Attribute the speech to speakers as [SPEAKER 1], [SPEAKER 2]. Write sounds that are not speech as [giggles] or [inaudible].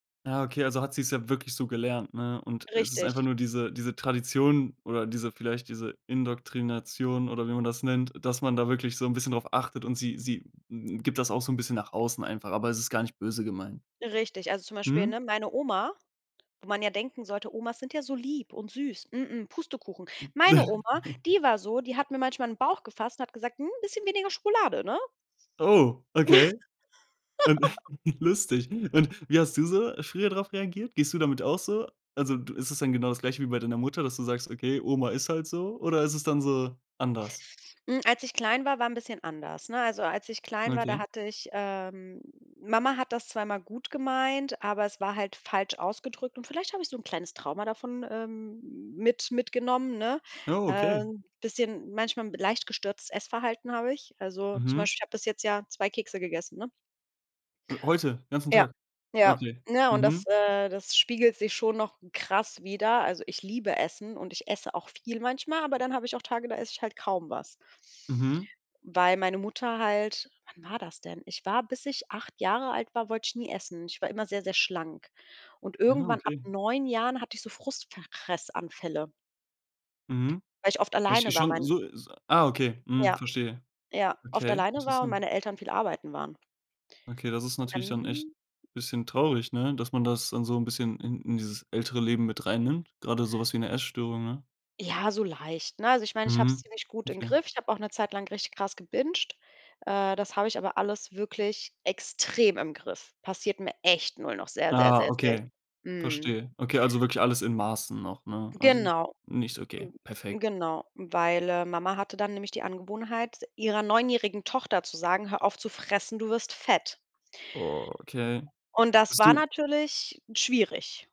[SPEAKER 1] Ja, okay, also, hat sie's ja wirklich so gelernt, ne? Und es ist
[SPEAKER 2] Richtig.
[SPEAKER 1] einfach nur diese diese Tradition oder diese vielleicht diese Indoktrination, oder wie man das nennt, dass man da wirklich so 'n bisschen drauf achtet. Und sie sie gibt das auch so 'n bisschen nach außen einfach, aber es ist gar nicht böse gemeint.
[SPEAKER 2] Richtig, also, zum Beispiel,
[SPEAKER 1] Mhm.
[SPEAKER 2] ne, meine Oma wo man ja denken sollte, Omas sind ja so lieb und süß, mm, Pustekuchen. Meine Oma,
[SPEAKER 1] [chuckles]
[SPEAKER 2] die war so, die hat mir manchmal in Bauch gefasst und hat gesagt: „'N bisschen weniger Schokolade, ne?“
[SPEAKER 1] Oh, okay. Und
[SPEAKER 2] [giggles]
[SPEAKER 1] [chuckles] Lustig. Und wie hast du so früher drauf reagiert? Gehst du damit auch so? Also, du ist es dann genau das Gleiche wie bei deiner Mutter, dass du sagst: „Okay, Oma ist halt so“? Oder ist es dann so anders?
[SPEAKER 2] Hm, als ich klein war, war 'n bisschen anders, ne? Also, als ich klein war, da
[SPEAKER 1] Okay.
[SPEAKER 2] hatte ich, ähm Mama hat das zwar immer gut gemeint, aber es war halt falsch ausgedrückt. Und vielleicht habe ich so 'n kleines Trauma davon, ähm, mit mitgenommen, ne?
[SPEAKER 1] Ja,
[SPEAKER 2] Äh,
[SPEAKER 1] okay.
[SPEAKER 2] 'n bisschen manchmal b leicht gestörtes Essverhalten habe ich. Also, zum
[SPEAKER 1] Mhm.
[SPEAKER 2] Beispiel, ich habe bis jetzt ja 2 Kekse gegessen, ne?
[SPEAKER 1] H heute, ganzen
[SPEAKER 2] Ja.
[SPEAKER 1] Tag.
[SPEAKER 2] Ja,
[SPEAKER 1] Okay,
[SPEAKER 2] ne, und das,
[SPEAKER 1] mhm.
[SPEAKER 2] äh, das spiegelt sich schon noch krass wieder. Also, ich liebe Essen und ich esse auch viel manchmal, aber dann habe ich auch Tage, da esse ich halt kaum was.
[SPEAKER 1] Mhm.
[SPEAKER 2] Weil meine Mutter halt wann war das denn? Ich war bis ich 8 Jahre alt war, wollte ich nie essen. Ich war immer sehr, sehr schlank. Und
[SPEAKER 1] Ja,
[SPEAKER 2] irgendwann ab
[SPEAKER 1] okay.
[SPEAKER 2] 9 Jahren hatte ich so Frustfressanfälle.
[SPEAKER 1] Mhm,
[SPEAKER 2] Weil ich oft
[SPEAKER 1] echt
[SPEAKER 2] alleine
[SPEAKER 1] echt
[SPEAKER 2] war,
[SPEAKER 1] schon
[SPEAKER 2] mein
[SPEAKER 1] so so ah, okay, mhm,
[SPEAKER 2] ja
[SPEAKER 1] verstehe.
[SPEAKER 2] ja, oft
[SPEAKER 1] Okay,
[SPEAKER 2] alleine war und
[SPEAKER 1] interessant.
[SPEAKER 2] meine Eltern viel arbeiten waren.
[SPEAKER 1] Okay, das ist
[SPEAKER 2] Und
[SPEAKER 1] natürlich dann echt
[SPEAKER 2] dann
[SPEAKER 1] bisschen traurig, ne, dass man das dann so 'n bisschen in in dieses ältere Leben mit reinnimmt, gerade so was wie 'ne Essstörung, ne?
[SPEAKER 2] Ja, so leicht, ne? Also, ich meine, ich hab's
[SPEAKER 1] Mhm.
[SPEAKER 2] ziemlich gut im
[SPEAKER 1] Okay.
[SPEAKER 2] Griff. Ich habe auch 'ne Zeit lang richtig krass gebingt. Äh, das habe ich aber alles wirklich extrem im Griff. Passiert mir echt nur noch, sehr, sehr,
[SPEAKER 1] Ah,
[SPEAKER 2] sehr, selt
[SPEAKER 1] okay,
[SPEAKER 2] Mhm.
[SPEAKER 1] verstehe. Okay, also wirklich alles in Maßen noch, ne? Also,
[SPEAKER 2] Genau,
[SPEAKER 1] nicht so okay, perfekt.
[SPEAKER 2] hm, genau, weil, äh, Mama hatte dann nämlich die Angewohnheit, ihrer neunjährigen Tochter zu sagen: „Hör auf zu fressen, du wirst fett.“
[SPEAKER 1] Okay.
[SPEAKER 2] Und das
[SPEAKER 1] Bist
[SPEAKER 2] war
[SPEAKER 1] du
[SPEAKER 2] natürlich schwierig.